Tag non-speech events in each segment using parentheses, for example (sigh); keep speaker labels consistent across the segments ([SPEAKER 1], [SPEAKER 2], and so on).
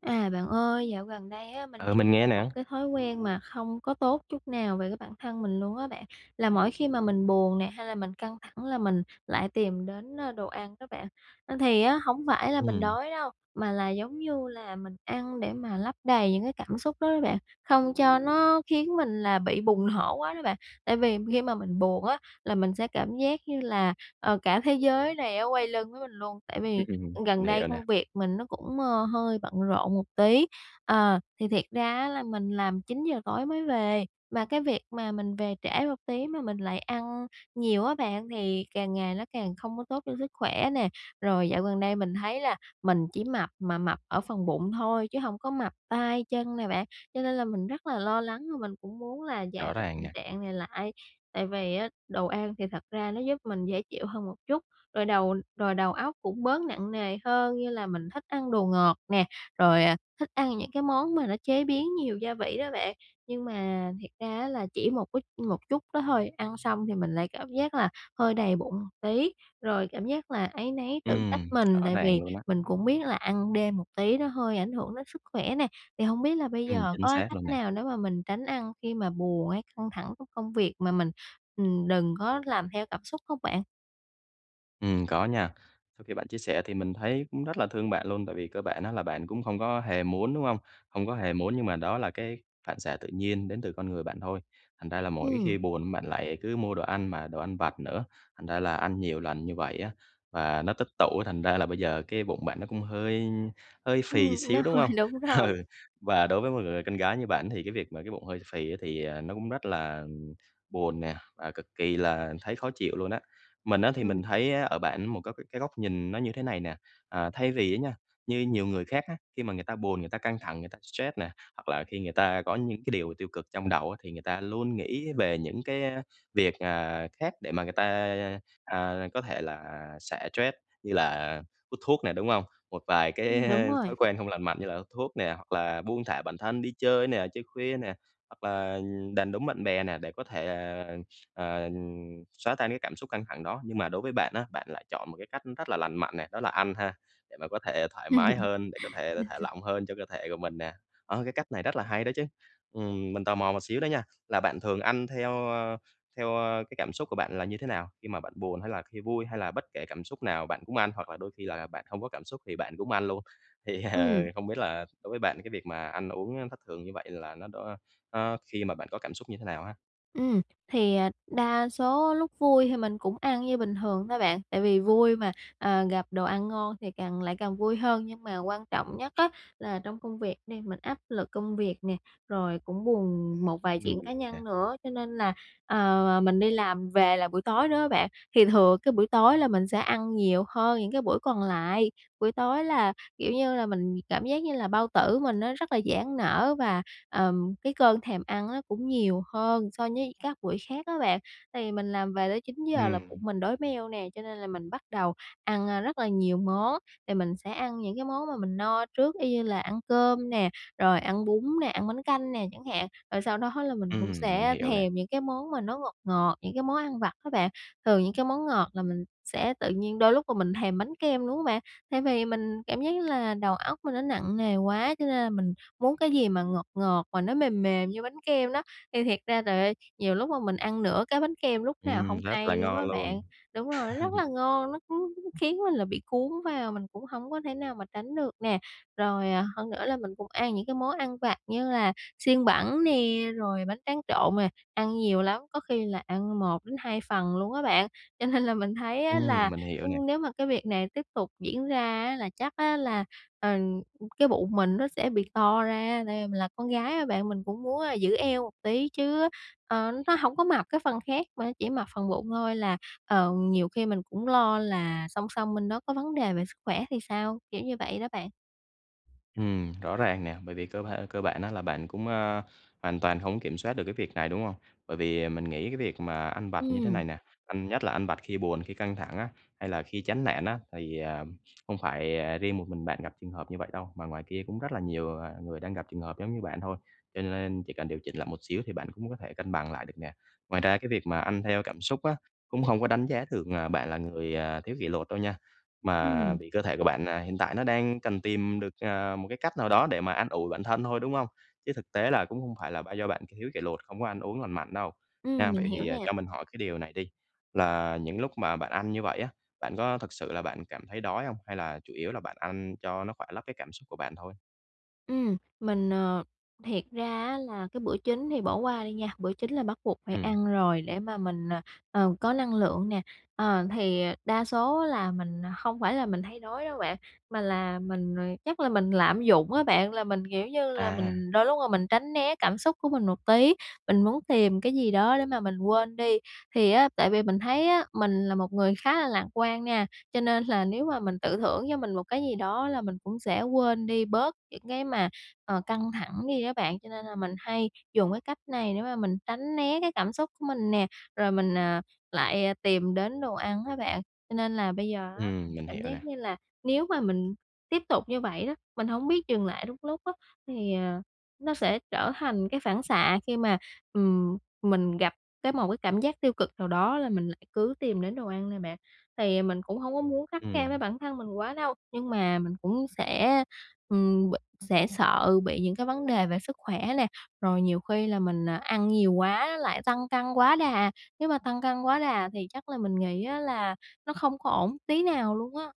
[SPEAKER 1] À, bạn ơi, dạo gần đây á mình
[SPEAKER 2] Ừ,
[SPEAKER 1] nhận
[SPEAKER 2] mình
[SPEAKER 1] ra
[SPEAKER 2] nghe
[SPEAKER 1] một
[SPEAKER 2] nè.
[SPEAKER 1] cái thói quen mà không có tốt chút nào về cái bản thân mình luôn á bạn, là mỗi khi mà mình buồn nè hay là mình căng thẳng là mình lại tìm đến, ơ, đồ ăn đó bạn. Ơ, thì á hổng phải là mình
[SPEAKER 2] Ừm.
[SPEAKER 1] đói đâu, mà là, giống như là, mình ăn để mà lấp đầy những cái cảm xúc đó đó bạn, không cho nó khiến mình là bị bùng nổ quá đó bạn. Tại vì khi mà mình buồn á là mình sẽ cảm giác như là, ờ, cả thế giới này á quay lưng với mình luôn. Tại vì,
[SPEAKER 2] (laughs)
[SPEAKER 1] ư, gần
[SPEAKER 2] Mình
[SPEAKER 1] đây
[SPEAKER 2] hiểu nè.
[SPEAKER 1] công việc mình nó cũng, ơ, hơi bận rộn một tí, ờ, thì thiệt ra á là mình làm 9:00 tối mới về, mà cái việc mà mình về trễ một tí mà mình lại ăn nhiều á bạn thì càng ngày nó càng không có tốt cho sức khỏe nè. Rồi dạo gần đây mình thấy là mình chỉ mập mà mập ở phần bụng thôi chứ hông có mập tay chân nè bạn, cho nên là mình rất là lo lắng và mình cũng muốn là giảm
[SPEAKER 2] Rõ
[SPEAKER 1] cái
[SPEAKER 2] ràng
[SPEAKER 1] tình
[SPEAKER 2] nè.
[SPEAKER 1] trạng này lại. Tại vì á đồ ăn thì thật ra nó giúp mình dễ chịu hơn một chút, rồi đầu rồi đầu óc cũng bớt nặng nề hơn như là mình thích ăn đồ ngọt nè, rồi, à, thích ăn những cái món mà nó chế biến nhiều gia vị đó bạn. Nhưng mà thiệt ra á là chỉ một ít một chút đó thôi, ăn xong thì mình lại cảm giác là hơi đầy bụng một tí, rồi cảm giác là áy náy tự trách
[SPEAKER 2] Ừm,
[SPEAKER 1] mình,
[SPEAKER 2] rõ
[SPEAKER 1] tại vì
[SPEAKER 2] ràng luôn á.
[SPEAKER 1] mình cũng biết là ăn đêm một tí nó hơi ảnh hưởng đến sức khỏe nè. Thì hông biết là bây
[SPEAKER 2] Ừm,
[SPEAKER 1] giờ
[SPEAKER 2] chính
[SPEAKER 1] có cái
[SPEAKER 2] xác
[SPEAKER 1] cách
[SPEAKER 2] luôn nè.
[SPEAKER 1] nào để mà mình tránh ăn khi mà buồn hay căng thẳng của công việc mà mình, ừm, đừng có làm theo cảm xúc không bạn?
[SPEAKER 2] Ừm, có nha. Sau khi bạn chia sẻ thì mình thấy cũng rất là thương bạn luôn tại vì cơ bản á, là bạn cũng không có hề muốn, đúng hông? Không có hề muốn nhưng mà đó là cái phản xạ tự nhiên đến từ con người bạn thôi. Thành ra là mỗi
[SPEAKER 1] Ừm.
[SPEAKER 2] khi buồn bạn lại cứ mua đồ ăn, mà đồ ăn vặt nữa. Thành ra là ăn nhiều lần như vậy á, và nó tích tụ á, thành ra là bây giờ cái bụng bạn nó cũng hơi hơi phì
[SPEAKER 1] Ừm, nó
[SPEAKER 2] xíu, đúng
[SPEAKER 1] hơi
[SPEAKER 2] hông?
[SPEAKER 1] đúng rồi.
[SPEAKER 2] Ừ, và đối với một người con gái như bạn thì cái việc mà cái bụng hơi phì á thì, ờ, nó cũng rất là, ừm, buồn nè và cực kỳ là thấy khó chịu luôn á. Mình á thì
[SPEAKER 1] Ừm.
[SPEAKER 2] mình thấy á ở bạn một các cái cái góc nhìn nó như thế này nè. À, thay vì á nha, như nhiều người khác á, khi mà người ta buồn, người ta căng thẳng, người ta stress nè, hoặc là khi người ta có những cái điều tiêu cực trong đầu á, thì người ta luôn nghĩ về những cái, ơ, việc, ờ, khác để mà người ta, à, có thể là xả stress như là hút thuốc nè, đúng hông? Một vài cái
[SPEAKER 1] Ừm, đúng rồi.
[SPEAKER 2] thói quen không lành mạnh như là hút thuốc nè, hoặc là buông thả bản thân đi chơi nè, chơi khuya nè, hoặc là, ừm, đàn đúm bạn bè nè để có thể, ờ, ờ, ừm, xóa tan cái cảm xúc căng thẳng đó. Nhưng mà đối với bạn á, bạn lại chọn một cái cách rất là lành mạnh nè, đó là ăn ha, để mà có thể thoải mái hơn, để có thể thả
[SPEAKER 1] (laughs)
[SPEAKER 2] lỏng hơn cho cơ thể của mình nè. Đó, cái cách này rất là hay đó chứ! Ừm, mình tò mò một xíu đó nha, là bạn thường ăn theo, ơ, theo, ơ, cái cảm xúc của bạn là như thế nào? Khi mà bạn buồn, hay là khi vui, hay là bất kể cảm xúc nào bạn cũng ăn? Hoặc là đôi khi là là bạn không có cảm xúc thì bạn cũng ăn luôn? Thì, ờ,
[SPEAKER 1] Ừm.
[SPEAKER 2] không biết là đối với bạn, cái việc mà ăn uống á thất thường như vậy là nó đó á, khi mà bạn có cảm xúc như thế nào ha?
[SPEAKER 1] Ừm, thì, à, đa số lúc vui thì mình cũng ăn như bình thường thôi bạn, tại vì vui mà, ờ, gặp đồ ăn ngon thì càng lại càng vui hơn nhưng mà quan trọng nhất á, là trong công việc đi, mình áp lực công việc nè, rồi cũng buồn một vài
[SPEAKER 2] Ừm,
[SPEAKER 1] chuyện cá
[SPEAKER 2] (unintelligible) nè.
[SPEAKER 1] nhân nữa cho nên là, ờ, ờ, mình đi làm về là buổi tối đó bạn, thì thừa cái buổi tối là mình sẽ ăn nhiều hơn những cái buổi còn lại. Buổi tối là, kiểu như là, mình cảm giác như là bao tử mình nó rất là giãn nở và, ờm, cái cơn thèm ăn á, cũng nhiều hơn so với các buổi khác á bạn, tại vì mình làm về tới 9:00 là bụng
[SPEAKER 2] Ừm.
[SPEAKER 1] mình đói meo nè, cho nên là mình bắt đầu ăn, a, rất là nhiều món, thì mình sẽ ăn những cái món mà mình no trước, y như là ăn cơm nè, rồi ăn bún nè, ăn bánh canh nè chẳng hạn, rồi sau đó là mình cũng
[SPEAKER 2] Ừm, mình
[SPEAKER 1] sẽ
[SPEAKER 2] hiểu nè.
[SPEAKER 1] thèm những cái món mà nó ngọt ngọt, những cái món ăn vặt á bạn, thường những cái món ngọt là mình sẽ tự nhiên đôi lúc mà mình thèm bánh kem, đúng hông bạn? Tại vì mình cảm giác như là đầu óc mình nó nặng nề quá cho nên là mình muốn cái gì mà ngọt ngọt mà nó mềm mềm như bánh kem đó, thì thiệt ra trời ơi, nhiều lúc mà mình ăn nửa cái bánh kem lúc nào
[SPEAKER 2] Ừm,
[SPEAKER 1] hông
[SPEAKER 2] rất là
[SPEAKER 1] hay luôn á
[SPEAKER 2] ngon luôn.
[SPEAKER 1] bạn. Đúng rồi, rất là
[SPEAKER 2] (chuckles)
[SPEAKER 1] ngon, nó cứ khiến mình là bị cuốn vào, mình cũng hổng có thể nào mà tránh được nè. Rồi, à, hơn nữa là mình cũng ăn những cái món ăn vặt như là xiên bẩn nè, rồi bánh tráng trộn mà ăn nhiều lắm, có khi là ăn 1-2 phần luôn á bạn, cho nên là mình thấy á là,
[SPEAKER 2] Ừm, mình hiểu nè.
[SPEAKER 1] ưm, nếu mà cái việc này tiếp tục diễn ra á, là chắc á là, ờm, cái bụng mình nó sẽ bị to ra, tại vì mình là con gái á bạn mình cũng muốn, a, giữ eo một tí chứ, ờ, nó hổng có mập cái phần khác mà chỉ mập phần bụng thôi là, ờ, nhiều khi mình cũng lo là song song bên đó có vấn đề về sức khỏe thì sao? Kiểu như vậy đó bạn.
[SPEAKER 2] Ừm, rõ ràng nè, bởi vì cơ ba cơ bản á là bạn cũng, a, hoàn toàn hông kiểm soát được cái việc này, đúng hông? Bởi vì, à, mình nghĩ cái việc mà ăn vặt như thế
[SPEAKER 1] Ừm.
[SPEAKER 2] này nè, ăn nhất là ăn vặt khi buồn khi căng thẳng á, hay là khi chán nản á thì, à, không phải, à, hông phải, à, riêng một mình bạn gặp trường hợp như vậy đâu, mà ngoài kia cũng rất là nhiều, à, người đang gặp trường hợp giống như bạn thôi, cho nên chỉ cần điều chỉnh lại một xíu thì bạn cũng có thể cân bằng lại được nè. Ngoài ra cái việc mà ăn theo cảm xúc á, cũng hông có đánh giá được, à, bạn là người, à, thiếu kỷ luật đâu nha, mà
[SPEAKER 1] Ừm.
[SPEAKER 2] vì cơ thể của bạn, à, hiện tại nó đang cần tìm được, à, một cái cách nào đó để mà an ủi bản thân thôi, đúng hông? Chứ thực tế là cũng hông phải là ba do bạn thiếu kỷ luật không có ăn uống lành mạnh đâu,
[SPEAKER 1] Ừm,
[SPEAKER 2] nha.
[SPEAKER 1] mình
[SPEAKER 2] Vậy
[SPEAKER 1] hiểu
[SPEAKER 2] thì
[SPEAKER 1] nè.
[SPEAKER 2] cho mình hỏi cái điều này đi, là những lúc mà bạn ăn như vậy á, bạn có thực sự là bạn cảm thấy đói hông? Hay là chủ yếu là bạn ăn cho nó khoả lấp cái cảm xúc của bạn thôi?
[SPEAKER 1] Ừm, mình, ờ thiệt ra á là cái bữa chính thì bỏ qua đi nha. Bữa chính là bắt buộc phải
[SPEAKER 2] Ừm.
[SPEAKER 1] ăn rồi để mà mình, à, ờ, có năng lượng nè. Ờ, thì đa số là mình không phải là mình thấy đói đâu bạn. Mà là mình, ờ, chắc là mình lạm dụng á bạn. Là mình, kiểu như là,
[SPEAKER 2] À.
[SPEAKER 1] mình đôi lúc là mình tránh né cảm xúc của mình một tí, mình muốn tìm cái gì đó để mà mình quên đi. Thì á, tại vì mình thấy á, mình là một người khá là lạc quan nha. Cho nên là nếu mà mình tự thưởng cho mình một cái gì đó là mình cũng sẽ quên đi bớt những cái mà, ờ, căng thẳng đi đó bạn. Cho nên là mình hay dùng cái cách này để mà mình tránh né cái cảm xúc của mình nè. Rồi mình, à, lại tìm đến đồ ăn á bạn. Cho nên là bây giờ á, mình
[SPEAKER 2] Ừm, mình
[SPEAKER 1] cảm
[SPEAKER 2] hiểu
[SPEAKER 1] giác
[SPEAKER 2] nè.
[SPEAKER 1] như là nếu mà mình tiếp tục như vậy đó, mình hổng biết dừng lại đúng lúc á, thì, ờ, nó sẽ trở thành cái phản xạ khi mà, ừm, mình gặp cái một cái cảm giác tiêu cực nào đó là mình lại cứ tìm đến đồ ăn nè bạn. Thì, à, mình cũng hông có muốn khắt khe
[SPEAKER 2] Ừm.
[SPEAKER 1] với bản thân mình quá đâu, nhưng mà mình cũng sẽ, ừm, b sẽ sợ bị những cái vấn đề về sức khỏe nè. Rồi nhiều khi là mình, à, ăn nhiều quá lại tăng cân quá đà. Nếu mà tăng cân quá đà thì chắc là mình nghĩ á, là nó không có ổn tí nào luôn á.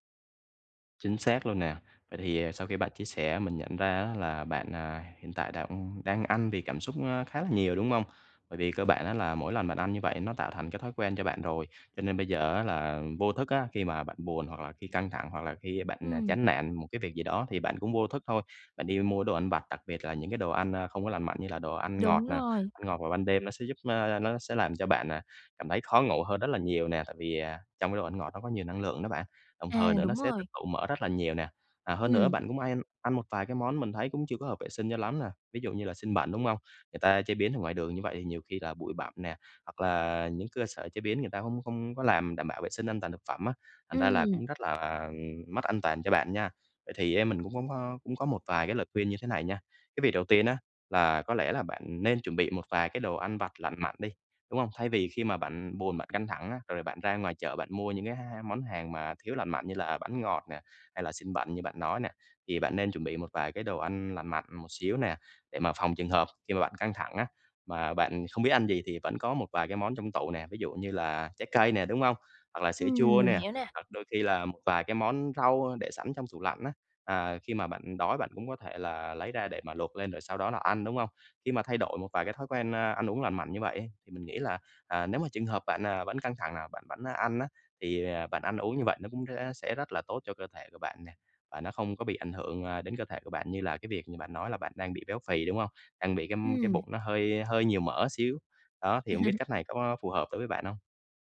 [SPEAKER 2] Chính xác luôn nè. Vậy thì, ờ, sau khi bạn chia sẻ mình nhận ra á là bạn, ờ, hiện tại đang đang ăn vì cảm xúc khá là nhiều, đúng hông? Bởi vì cơ bản á là mỗi lần bạn ăn như vậy nó tạo thành cái thói quen cho bạn rồi, cho nên bây giờ á là vô thức á, khi mà bạn buồn hoặc là khi căng thẳng hoặc là khi bạn
[SPEAKER 1] Ừm.
[SPEAKER 2] chán nản một cái việc gì đó thì bạn cũng vô thức thôi. Bạn đi mua đồ ăn vặt, đặc biệt là những cái đồ ăn, a, không có lành mạnh như là đồ ăn ngọt
[SPEAKER 1] Đúng
[SPEAKER 2] nè.
[SPEAKER 1] rồi.
[SPEAKER 2] Ăn ngọt vào ban đêm nó sẽ giúp, ơ nó sẽ làm cho bạn, à, cảm thấy khó ngủ hơn rất là nhiều nè. Tại vì, à, trong cái đồ ăn ngọt nó có nhiều năng lượng đó bạn, đồng
[SPEAKER 1] À,
[SPEAKER 2] thời nữa nó
[SPEAKER 1] đúng
[SPEAKER 2] sẽ tích
[SPEAKER 1] rồi.
[SPEAKER 2] tụ mỡ rất là nhiều nè. À, hơn nữa
[SPEAKER 1] Ừm.
[SPEAKER 2] bạn cũng hay ăn một vài cái món mình thấy cũng chưa có hợp vệ sinh cho lắm nè, ví dụ như là xiên bẩn, đúng hông? Người ta chế biến ở ngoài đường như vậy thì nhiều khi là bụi bặm nè, hoặc là những cơ sở chế biến người ta không không có làm đảm bảo vệ sinh an toàn thực phẩm á, thành ra là
[SPEAKER 1] Ừm.
[SPEAKER 2] cũng rất là, à, mất an toàn cho bạn nha. Vậy thì ấy, mình cũng cũng có cũng có một vài cái lời khuyên như thế này nha. Cái việc đầu tiên á, là có lẽ là bạn nên chuẩn bị một vài cái đồ ăn vặt lành mạnh đi, đúng không? Thay vì khi mà bạn buồn, bạn căng thẳng á, rồi bạn ra ngoài chợ bạn mua những cái h món hàng mà thiếu lành mạnh như là bánh ngọt nè, hay là xiên bẩn như bạn nói nè. Thì bạn nên chuẩn bị một vài cái đồ ăn lành mạnh một xíu nè, để mà phòng trường hợp khi mà bạn căng thẳng á, mà bạn không biết ăn gì thì vẫn có một vài cái món trong tủ nè, ví dụ như là trái cây nè, đúng không? Hoặc là sữa chua
[SPEAKER 1] Ừm, mình
[SPEAKER 2] nè,
[SPEAKER 1] hiểu nè.
[SPEAKER 2] hoặc đôi khi là một vài cái món rau để sẵn trong tủ lạnh á. À, khi mà bạn đói bạn cũng có thể là lấy ra để mà luộc lên rồi sau đó là ăn, đúng không? Khi mà thay đổi một vài cái thói quen, à, ăn uống lành mạnh như vậy ấy, thì mình nghĩ là, à, nếu mà trường hợp bạn, à, vẫn căng thẳng là bạn vẫn ăn á, thì bạn ăn uống như vậy nó cũng rẽ sẽ rất là tốt cho cơ thể của bạn nè. Và nó không có bị ảnh hưởng, à, đến cơ thể của bạn như là cái việc như bạn nói là bạn đang bị béo phì, đúng hông? Đang bị cái cái
[SPEAKER 1] Ừm.
[SPEAKER 2] bụng nó hơi hơi nhiều mỡ xíu. Đó, thì hông biết cách
[SPEAKER 1] (laughs)
[SPEAKER 2] này có phù hợp đối với bạn hông?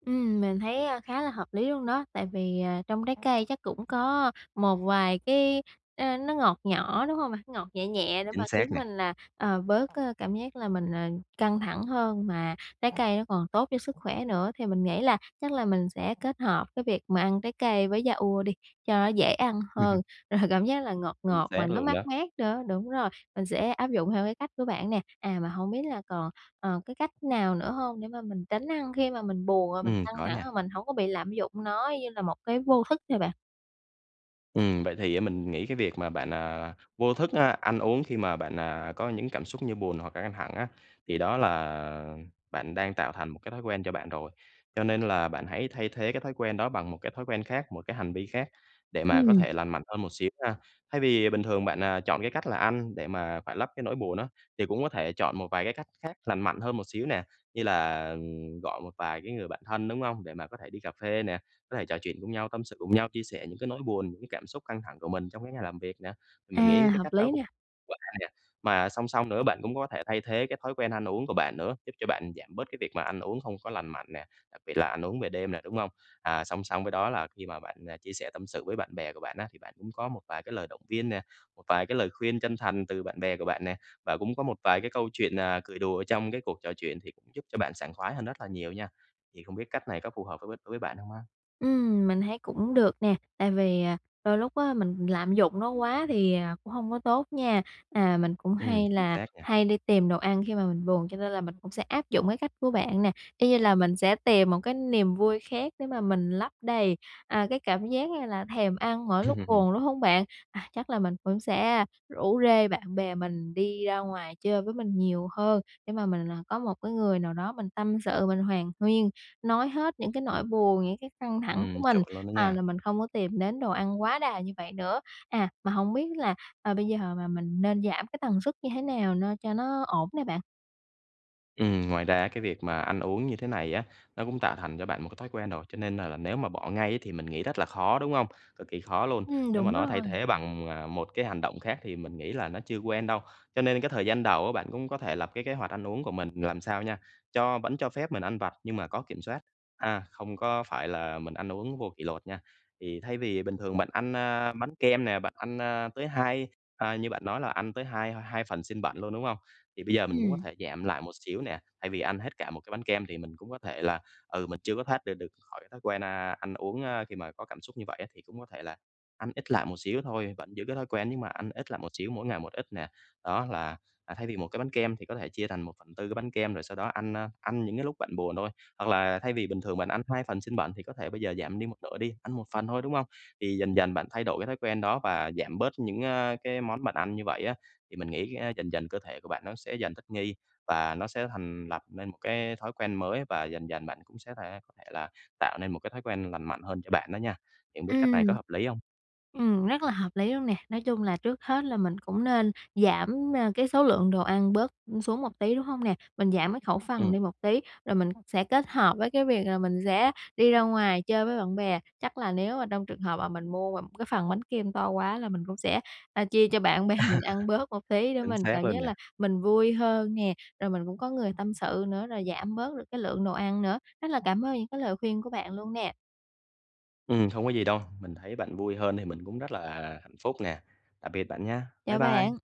[SPEAKER 1] Ừm, mình thấy, a, khá là hợp lý luôn đó. Tại vì, à, trong trái cây chắc cũng có một vài cái ờ, nó ngọt nhỏ, đúng hông bạn? Ngọt nhẹ nhẹ để mà
[SPEAKER 2] Chính
[SPEAKER 1] khiến
[SPEAKER 2] xác nè.
[SPEAKER 1] mình là, ờ, bớt, ờ, cảm giác là mình, ờ, căng thẳng hơn, mà trái cây nó còn tốt cho sức khỏe nữa. Thì mình nghĩ là chắc là mình sẽ kết hợp cái việc mà ăn trái cây với yaourt đi, cho nó dễ ăn hơn,
[SPEAKER 2] (laughs)
[SPEAKER 1] rồi cảm giác là ngọt
[SPEAKER 2] Chính
[SPEAKER 1] ngọt
[SPEAKER 2] xác
[SPEAKER 1] mà nó
[SPEAKER 2] luôn
[SPEAKER 1] mát
[SPEAKER 2] đó.
[SPEAKER 1] mát nữa. Đúng rồi, mình sẽ áp dụng theo cái cách của bạn nè. À, mà hông biết là còn, ờ, cái cách nào nữa hông để mà mình tránh ăn khi mà mình buồn, rồi mình
[SPEAKER 2] Ừm,
[SPEAKER 1] căng
[SPEAKER 2] có
[SPEAKER 1] thẳng,
[SPEAKER 2] nha.
[SPEAKER 1] rồi mình hổng có bị lạm dụng nó như là một cái vô thức ha bạn?
[SPEAKER 2] Ừm, vậy thì á, mình nghĩ cái việc mà bạn, à, vô thức, a, ăn uống khi mà bạn, à, có những cảm xúc như buồn hoặc là căng thẳng á, thì đó là bạn đang tạo thành một cái thói quen cho bạn rồi. Cho nên là bạn hãy thay thế cái thói quen đó bằng một cái thói quen khác, một cái hành vi khác để mà có
[SPEAKER 1] Ừm.
[SPEAKER 2] thể lành mạnh hơn một xíu ha. Thay vì bình thường bạn, à, chọn cái cách là ăn để mà khoả lấp cái nỗi buồn á, thì cũng có thể chọn một vài cái cách khác lành mạnh hơn một xíu nè. Như là, ừm, gọi một vài cái người bạn thân, đúng không? Để mà có thể đi cà phê nè, có thể trò chuyện cùng nhau, tâm sự cùng nhau, chia sẻ những cái nỗi buồn, những cái cảm xúc căng thẳng của mình trong cái ngày làm việc nè. Mình
[SPEAKER 1] À,
[SPEAKER 2] nghĩ cái
[SPEAKER 1] hợp
[SPEAKER 2] cách đó
[SPEAKER 1] lý
[SPEAKER 2] cũng
[SPEAKER 1] nà.
[SPEAKER 2] (unintelligible) hay nè. Mà song song nữa, bạn cũng có thể thay thế cái thói quen ăn uống của bạn nữa, giúp cho bạn giảm bớt cái việc mà ăn uống không có lành mạnh nè, đặc biệt là ăn uống về đêm nè, đúng không? À, song song với đó là khi mà bạn, à, chia sẻ tâm sự với bạn bè của bạn á, thì bạn cũng có một vài cái lời động viên nè, một vài cái lời khuyên chân thành từ bạn bè của bạn nè. Và cũng có một vài cái câu chuyện, à, cười đùa ở trong cái cuộc trò chuyện thì cũng giúp cho bạn sảng khoái hơn rất là nhiều nha. Thì không biết cách này có phù hợp với đối với bạn không ha?
[SPEAKER 1] Ừm, mình thấy cũng được nè. Tại vì, à, đôi lúc á, mình lạm dụng nó quá thì, à, cũng hông có tốt nha. À, mình cũng
[SPEAKER 2] Ừm,
[SPEAKER 1] hay
[SPEAKER 2] chính
[SPEAKER 1] là
[SPEAKER 2] xác nha.
[SPEAKER 1] hay đi tìm đồ ăn khi mà mình buồn, cho nên là mình cũng sẽ áp dụng cái cách của bạn nè. Y như là mình sẽ tìm một cái niềm vui khác để mà mình lấp đầy, à, cái cảm giác như là thèm ăn mỗi lúc
[SPEAKER 2] Ừm.
[SPEAKER 1] buồn, đúng hông bạn? À, chắc là mình vẫn sẽ rủ rê bạn bè mình đi ra ngoài chơi với mình nhiều hơn. Để mà mình, à, có một cái người nào đó mình tâm sự, mình hàn huyên, nói hết những cái nỗi buồn, những cái căng thẳng của
[SPEAKER 2] Ừm,
[SPEAKER 1] mình,
[SPEAKER 2] chuẩn luôn đó
[SPEAKER 1] à, là
[SPEAKER 2] nha.
[SPEAKER 1] mình không có tìm đến đồ ăn quá đà như vậy nữa. À, mà hổng biết là, à, bây giờ mà mình nên giảm cái tần suất như thế nào no cho nó ổn nè bạn?
[SPEAKER 2] Ừm, ngoài ra cái việc mà ăn uống như thế này á, nó cũng tạo thành cho bạn một cái thói quen rồi. Cho nên là nếu mà bỏ ngay á thì mình nghĩ rất là khó, đúng hông? Cực kỳ khó luôn.
[SPEAKER 1] Ừm,
[SPEAKER 2] Nếu mà
[SPEAKER 1] đúng
[SPEAKER 2] nó thay
[SPEAKER 1] rồi.
[SPEAKER 2] thế bằng, à, một cái hành động khác thì mình nghĩ là nó chưa quen đâu. Cho nên cái thời gian đầu á bạn cũng có thể lập cái kế hoạch ăn uống của mình làm sao nha, cho vẫn cho phép mình ăn vặt nhưng mà có kiểm soát. A, không có phải là mình ăn uống vô kỷ luật nha. Thì thay vì bình thường bạn ăn, a, bánh kem nè, bạn ăn, a, tới hai à, như bạn nói là ăn tới hai hai phần xiên bẩn luôn, đúng hông? Thì bây giờ mình cũng có
[SPEAKER 1] Ừm.
[SPEAKER 2] thể giảm lại một xíu nè. Thay vì ăn hết cả một cái bánh kem thì mình cũng có thể là, ừ, mình chưa có thoát ra được khỏi thói quen, a, ăn uống, a, khi mà có cảm xúc như vậy á, thì cũng có thể là ăn ít lại một xíu thôi. Vẫn giữ cái thói quen nhưng mà ăn ít lại một xíu, mỗi ngày một ít nè. Đó là, à, thay vì một cái bánh kem thì có thể chia thành 1/4 cái bánh kem, rồi sau đó ăn, a, ăn những cái lúc bạn buồn thôi. Hoặc là thay vì bình thường bạn ăn 2 phần xiên bẩn thì có thể bây giờ giảm đi một nửa đi, ăn 1 phần thôi, đúng hông? Thì dần dần bạn thay đổi cái thói quen đó và giảm bớt những, a, cái món bạn ăn như vậy á, thì mình nghĩ á dần dần cơ thể của bạn nó sẽ dần thích nghi và nó sẽ thành lập nên một cái thói quen mới. Và dần dần bạn cũng sẽ thể có thể là tạo nên một cái thói quen lành mạnh hơn cho bạn đó nha. Thì hông biết cách
[SPEAKER 1] Ừm,
[SPEAKER 2] này có hợp lý hông?
[SPEAKER 1] ừm, rất là hợp lý luôn nè. Nói chung là trước hết là mình cũng nên giảm, a, cái số lượng đồ ăn bớt, ừm, xuống một tí, đúng hông nè? Mình giảm cái khẩu phần
[SPEAKER 2] Ừm.
[SPEAKER 1] đi một tí rồi mình sẽ kết hợp với cái việc là mình sẽ đi ra ngoài chơi với bạn bè. Chắc là nếu mà trong trường hợp mà mình mua mà cái phần bánh kem to quá là mình cũng sẽ, a, chia cho bạn bè mình ăn bớt một
[SPEAKER 2] (laughs)
[SPEAKER 1] tí để
[SPEAKER 2] Chính
[SPEAKER 1] mình
[SPEAKER 2] xác
[SPEAKER 1] cảm
[SPEAKER 2] luôn
[SPEAKER 1] giác
[SPEAKER 2] nè.
[SPEAKER 1] là mình vui hơn nè. Rồi mình cũng có người tâm sự nữa, rồi giảm bớt được cái lượng đồ ăn nữa. Rất là cảm ơn những cái lời khuyên của bạn luôn nè.
[SPEAKER 2] Ừm, không có gì đâu, mình thấy bạn vui hơn thì mình cũng rất là hạnh phúc nè. Tạm biệt bạn nha. Bye
[SPEAKER 1] Chào
[SPEAKER 2] bye.
[SPEAKER 1] bạn.